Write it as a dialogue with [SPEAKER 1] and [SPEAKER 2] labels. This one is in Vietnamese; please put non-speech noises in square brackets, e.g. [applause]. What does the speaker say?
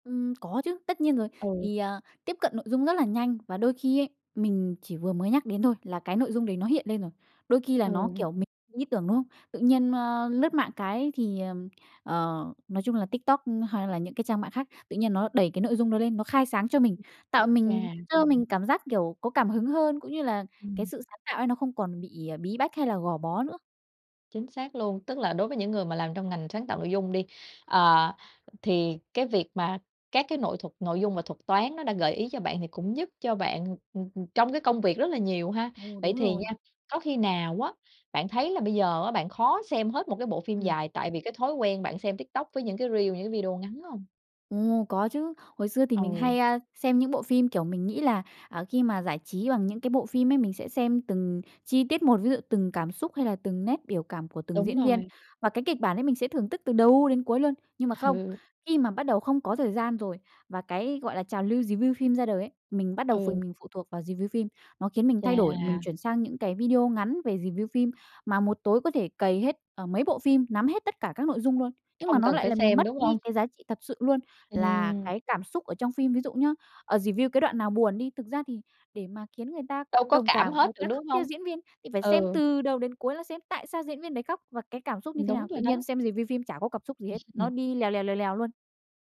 [SPEAKER 1] Ừm, có chứ, tất nhiên rồi.
[SPEAKER 2] Ừ.
[SPEAKER 1] Thì, ờ, tiếp cận nội dung rất là nhanh và đôi khi ấy mình chỉ vừa mới nhắc đến thôi, là cái nội dung đấy nó hiện lên rồi. Đôi khi là nó,
[SPEAKER 2] Ừ.
[SPEAKER 1] kiểu, mình có ý tưởng, đúng hông? Tự nhiên, nơ, lướt mạng cái thì, ờm, ờ, nói chung là TikTok hay là những cái trang mạng khác, tự nhiên nó đẩy cái nội dung đó lên, nó khai sáng cho mình,
[SPEAKER 2] Ừm.
[SPEAKER 1] tạo mình,
[SPEAKER 2] Chà.
[SPEAKER 1] cho mình cảm giác, kiểu, có cảm hứng hơn. Cũng như là cái
[SPEAKER 2] Ừm.
[SPEAKER 1] sự sáng tạo ấy nó không còn bị, à, bí bách, hay là gò bó nữa.
[SPEAKER 2] Chính xác luôn, tức là đối với những người mà làm trong ngành sáng tạo nội dung đi, ờ, thì cái việc mà các cái nội thuật nội dung và thuật toán nó đã gợi ý cho bạn, thì cũng giúp cho bạn, ừm, ừm, trong cái công việc rất là nhiều ha.
[SPEAKER 1] Ừ,
[SPEAKER 2] Vậy
[SPEAKER 1] đúng
[SPEAKER 2] thì nha,
[SPEAKER 1] rồi.
[SPEAKER 2] có khi nào á, bạn thấy là bây giờ á, bạn khó xem hết một cái bộ phim
[SPEAKER 1] Ừm.
[SPEAKER 2] dài, tại vì cái thói quen bạn xem TikTok, với những cái reel, những cái video ngắn hông?
[SPEAKER 1] Ồ! Có chứ. Hồi xưa thì mình
[SPEAKER 2] Ừ.
[SPEAKER 1] hay, a, xem những bộ phim, kiểu, mình nghĩ là, à, khi mà giải trí bằng những cái bộ phim ấy, mình sẽ xem từng chi tiết một. Ví dụ từng cảm xúc, hay là từng nét biểu cảm của từng
[SPEAKER 2] Đúng
[SPEAKER 1] diễn viên.
[SPEAKER 2] rồi.
[SPEAKER 1] Và cái kịch bản ấy mình sẽ thưởng tức từ đầu đến cuối luôn. Nhưng mà không.
[SPEAKER 2] Hừ.
[SPEAKER 1] Khi mà bắt đầu không có thời gian rồi, và cái, gọi là, trào lưu review phim ra đời ấy, mình bắt đầu phụ
[SPEAKER 2] Ừ.
[SPEAKER 1] mình phụ thuộc vào review phim, nó khiến mình thay đổi. Mình
[SPEAKER 2] Chà!
[SPEAKER 1] chuyển sang những cái video ngắn về review phim, mà một tối có thể cày hết, à, mấy bộ phim, nắm hết tất cả các nội dung luôn. Nhưng mà
[SPEAKER 2] Không
[SPEAKER 1] nó
[SPEAKER 2] cần
[SPEAKER 1] lại
[SPEAKER 2] phải
[SPEAKER 1] làm
[SPEAKER 2] xem,
[SPEAKER 1] mất
[SPEAKER 2] đúng hông?
[SPEAKER 1] đi cái giá trị thật sự luôn, là
[SPEAKER 2] Ừm.
[SPEAKER 1] cái cảm xúc ở trong phim. Ví dụ nhá, ờ, review cái đoạn nào buồn đi thực ra thì để mà khiến người ta
[SPEAKER 2] Đâu có
[SPEAKER 1] đồng
[SPEAKER 2] cảm
[SPEAKER 1] cảm,
[SPEAKER 2] hết
[SPEAKER 1] người
[SPEAKER 2] được,
[SPEAKER 1] ta khóc
[SPEAKER 2] đúng
[SPEAKER 1] theo
[SPEAKER 2] hông?
[SPEAKER 1] diễn viên, thì phải xem
[SPEAKER 2] Ừ.
[SPEAKER 1] từ đầu đến cuối, là xem tại sao diễn viên đấy khóc và cái cảm xúc như
[SPEAKER 2] Ừm,
[SPEAKER 1] thế
[SPEAKER 2] đúng
[SPEAKER 1] nào.
[SPEAKER 2] rồi
[SPEAKER 1] Tự nhiên
[SPEAKER 2] đó.
[SPEAKER 1] xem review phim chả có cặp xúc gì hết, nó
[SPEAKER 2] [chuckles]
[SPEAKER 1] đi lèo lèo, lèo lèo luôn.